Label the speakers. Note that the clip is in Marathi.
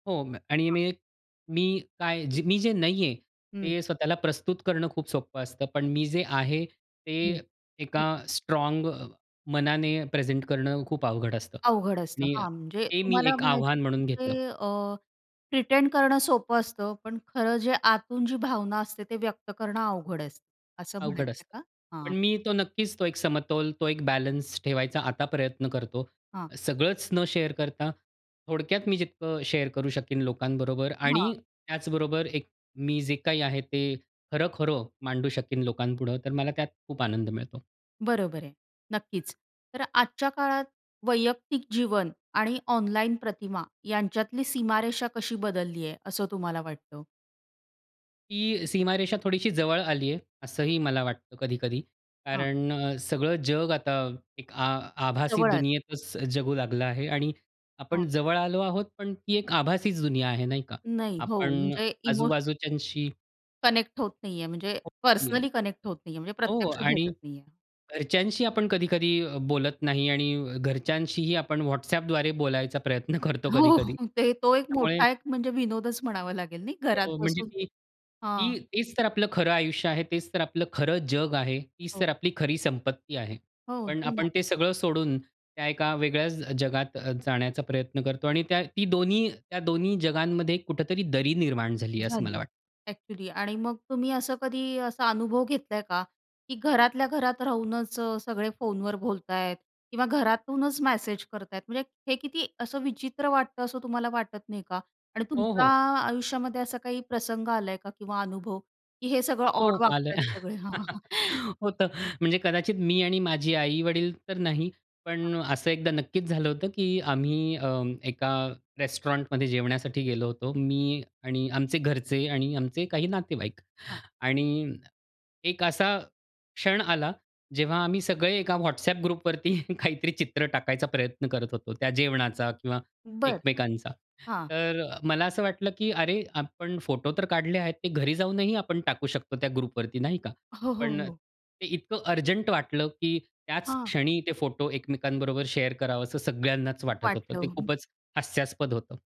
Speaker 1: हो, म आणि
Speaker 2: हां.
Speaker 1: मी एक मी काय? जे मी जे नाहीये
Speaker 2: हं.
Speaker 1: ते स्वतःला प्रस्तुत करणं खूप सोपं असतं. पण मी जे आहे ते
Speaker 2: हं.
Speaker 1: एका
Speaker 2: [unintelligible]
Speaker 1: स्ट्राँग मनाने प्रेझेंट करणं खूप अवघड असतं
Speaker 2: अवघड असतं.
Speaker 1: आणि
Speaker 2: हां, म्हणजे
Speaker 1: ते मी
Speaker 2: तुम्हाला
Speaker 1: एक
Speaker 2: म्हणायचं आहे,
Speaker 1: आव्हान
Speaker 2: की
Speaker 1: म्हणून घेतलं.
Speaker 2: म्हणजे अ, प्रिटेंड करणं सोपं असतं, पण खरं जे आतून जी भावना असते ते व्यक्त करणं अवघड अस असं
Speaker 1: अवघड
Speaker 2: म्हणायचं
Speaker 1: असतं.
Speaker 2: आहे का?
Speaker 1: पण
Speaker 2: हां.
Speaker 1: मी तो नक्कीच तो एक समतोल तो एक बॅलन्स ठेवायचा आता प्रयत्न करतो.
Speaker 2: हां.
Speaker 1: सगळंच न शेअर करता थोडक्यात मी जितकं शेअर करू शकीन लोकांबरोबर
Speaker 2: हां.
Speaker 1: आणि त्याचबरोबर एक मी जे काही आहे, ते खरं-खरं मांडू शकीन लोकांपुढं, तर मला त्यात खूप आनंद मिळतो.
Speaker 2: बरोबर आहे, नक्कीच. तर आजच्या काळात वैयक्तिक जीवन आणि ऑनलाईन प्रतिमा यांच्यातली सीमारेषा कशी बदललीये असं तुम्हाला वाटतं?
Speaker 1: ती सीमारेषा थोडीशी जवळ आली आहे, असंही मला वाटतं कधी-कधी.
Speaker 2: हां.
Speaker 1: कारण अ, सगळं जग आता एक आ आभासी
Speaker 2: जवळ आ
Speaker 1: दुनियेतच जगू लागलं आहे आणि
Speaker 2: हां.
Speaker 1: आपण जवळ आलो आहोत, पण ती एक आभासीच दुनिया आहे नाही का?
Speaker 2: नाही. हो,
Speaker 1: आपण
Speaker 2: म्हणजे इमो
Speaker 1: आजूबाजूच्यांशी अ
Speaker 2: कनेक्ट होत नाही आहे. म्हणजे
Speaker 1: हो. [unintelligible]
Speaker 2: पर्सनली कनेक्ट होत नाही आहे. म्हणजे
Speaker 1: हो
Speaker 2: प्रत्यक्ष
Speaker 1: आणि
Speaker 2: भेटत नाही आहे.
Speaker 1: घरच्यांशी आपण कधी-कधी बोलत नाही आणि घरच्यांशीही आपण WhatsAppद्वारे बोलायचा प्रयत्न करतो कधी-कधी.
Speaker 2: हो. ते तो एक
Speaker 1: त्यामुळे
Speaker 2: मोठा एक म्हणजे विनोदच म्हणावा लागेल नाही घरात
Speaker 1: हो, म्हणजे,
Speaker 2: बसून.
Speaker 1: की
Speaker 2: हां.
Speaker 1: ती तेच तर आपलं खरं आयुष्य आहे, तेच तर आपलं खरं जग आहे, तीच
Speaker 2: हो.
Speaker 1: तर आपली खरी संपत्ती आहे.
Speaker 2: हो,
Speaker 1: पण
Speaker 2: होते ना.
Speaker 1: आपण ते सगळं सोडून. त्या एका वेगळ्याच जगात अ, जाण्याचा प्रयत्न करतो आणि त्या ती दोन्ही त्या दोन्ही जगांमध्ये कुठेतरी दरी निर्माण झाली आहे असं मला
Speaker 2: झाली
Speaker 1: वाट
Speaker 2: ऍक्चुअली आणि मग तुम्ही असं कधी असा अनुभव घेतलाय का? की घरातल्या घरात राहूनच सगळे फोनवर बोलताय किंवा घरातूनच मेसेज करत आहेत. म्हणजे हे किती असं विचित्र वाटतं असं तुम्हाला वाटत नाही का? आणि
Speaker 1: हो,
Speaker 2: तुमच्या
Speaker 1: हो.
Speaker 2: आयुष्यामध्ये असा काही प्रसंग आलाय का किंवा अनुभव? की हे सगळं ऑड
Speaker 1: हो, आलय.
Speaker 2: वागतायत सगळे? हां, हां.
Speaker 1: होतं. म्हणजे कदाचित मी आणि माझे आई-वडील तर नाही.
Speaker 2: हां.
Speaker 1: पण असं एकदा नक्कीच झालं होतं, की आम्ही अ, एका रेस्टॉरंट मध्ये जेवण्यासाठी गेलो होतो. मी आणि आमचे घरचे आणि आमचे काही नातेवाईक
Speaker 2: हां.
Speaker 1: आणि एक असा, क्षण आला जेव्हा आम्ही सगळे एका WhatsApp ग्रुप वरती काहीतरी चित्र टाकायचा प्रयत्न करत होतो, त्या जेवणाचा किंवा
Speaker 2: बरं.
Speaker 1: एकमेकांचा.
Speaker 2: हां.
Speaker 1: तर मला असं वाटलं, की अरे! आपण फोटो तर काढले आहेत ते घरी जाऊनही आपण टाकू शकतो त्या ग्रुप वरती नाही का?
Speaker 2: हो, हो,
Speaker 1: पण
Speaker 2: हो.
Speaker 1: ते इतकं अर्जंट वाटलं, की त्याच
Speaker 2: हां.
Speaker 1: क्षणी ते फोटो एकमेकांबरोबर शेअर करावा असं सगळ्यांनाच वाटत होतं.
Speaker 2: वाटलं,
Speaker 1: ते
Speaker 2: हं.
Speaker 1: खूपच हास्यास्पद होतं.